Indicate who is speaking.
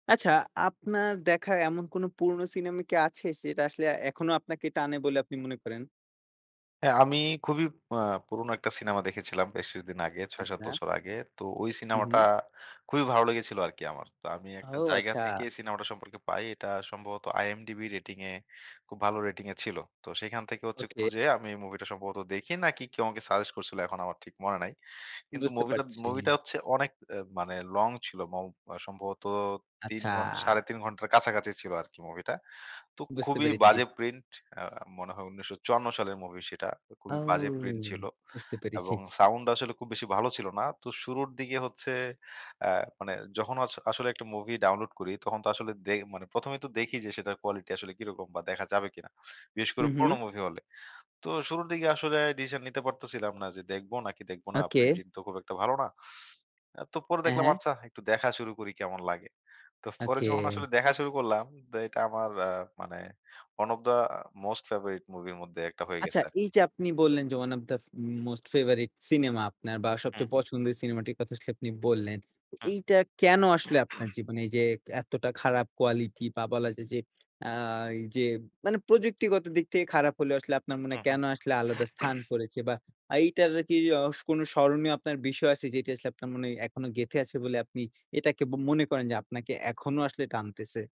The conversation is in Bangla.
Speaker 1: আচ্ছা, আপনার দেখা এমন কোনো পুরনো সিনেমা কি আছে, সেটা আসলে এখনো আপনাকে টানে বলে আপনি মনে করেন?
Speaker 2: হ্যাঁ, আমি খুবই অ্যা পুরোনো একটা সিনেমা দেখেছিলাম বেশ কিছুদিন আগে, ৬ ৭
Speaker 1: আচ্ছা।
Speaker 2: বছর আগে। তো ওই
Speaker 1: হুম,
Speaker 2: সিনেমাটা
Speaker 1: হুম।
Speaker 2: খুবই ভালো লেগেছিল আরকি আমার। তো আমি
Speaker 1: ও
Speaker 2: একটা জায়গা
Speaker 1: আচ্ছা!
Speaker 2: থেকে সিনেমাটা সম্পর্কে পাই। এটা সম্ভবত IMDB rating এ খুব ভালো rating এ ছিল। তো সেইখান থেকে হচ্ছে
Speaker 1: ওকে।
Speaker 2: খুঁজে আমি মুভিটা সম্ভবত দেখি নাকি কেউ আমাকে suggest করছিল, এখন আমার ঠিক মনে নাই। কিন্তু
Speaker 1: বুঝতে
Speaker 2: মুভিটা
Speaker 1: পারছি।
Speaker 2: মুভিটা হচ্ছে অনেক অ্যা মানে long ছিল। মৌ সম্ভবত ৩
Speaker 1: আচ্ছা।
Speaker 2: ঘন ৩.৫ ঘন্টার কাছাকাছি ছিল আরকি মুভিটা। তো
Speaker 1: বুঝতে
Speaker 2: খুবই
Speaker 1: পেরেছি।
Speaker 2: বাজে print. অ্যা মনে হয় ১৯৫৪ সালের মুভি সেটা।
Speaker 1: ঔ!
Speaker 2: খুবই বাজে print ছিল
Speaker 1: বুঝতে পেরেছি।
Speaker 2: এবং সাউন্ড আসলে খুব বেশি ভালো ছিল না। তো শুরুর দিকে হচ্ছে অ্যা মানে যখন অস আসলে একটা মুভি download করি, তখন তো আসলে দেখ ১ম এই তো দেখি যে, সেটার quality আসলে কিরকম বা দেখা যাবে কিনা, বিশেষ করে
Speaker 1: হুম, হুম।
Speaker 2: পুরোনো মুভি হলে। তো শুরুর দিকে আসলে decision নিতে পারতেছিলাম না যে, দেখব নাকি দেখব না।
Speaker 1: ওকে।
Speaker 2: প্রিন্টিং তো খুব একটা ভালো না। অ্যা তো পরে
Speaker 1: হ্যাঁ,
Speaker 2: দেখলাম,
Speaker 1: হ্যাঁ।
Speaker 2: আচ্ছা, একটু দেখা শুরু করি কেমন লাগে। তো পরে যখন
Speaker 1: ওকে।
Speaker 2: আসলে দেখা শুরু করলাম, তো এটা আমার আ মানে one of the most favorite movie এর মধ্যে একটা হয়ে
Speaker 1: আচ্ছা,
Speaker 2: গেছে আরকি।
Speaker 1: এই যে, আপনি বললেন যে, one of the f most favorite cinema আপনার বা
Speaker 2: হু,
Speaker 1: সবচেয়ে
Speaker 2: হুম।
Speaker 1: পছন্দের সিনেমাটির কথা আসলে আপনি বললেন। তো
Speaker 2: হুম।
Speaker 1: এইটা কেন আসলে আপনার জীবনে এই যে, এতটা খারাপ quality বা বলা যায় যে, অ্যা যে, মানে প্রযুক্তিগত দিক থেকে খারাপ হলেও আসলে আপনার মনে
Speaker 2: হুম,
Speaker 1: হয়
Speaker 2: হুম।।
Speaker 1: কেন আসলে আলাদা স্থান করেছে বা এইটার কি অস কোনো স্মরণীয় আপনার বিষয় আছে যে, এটি আসলে আপনার মনে এখনো গেঁথে আছে বলে আপনি এটাকে বো মনে করেন যে, আপনাকে এখনো আসলে টানতেছে?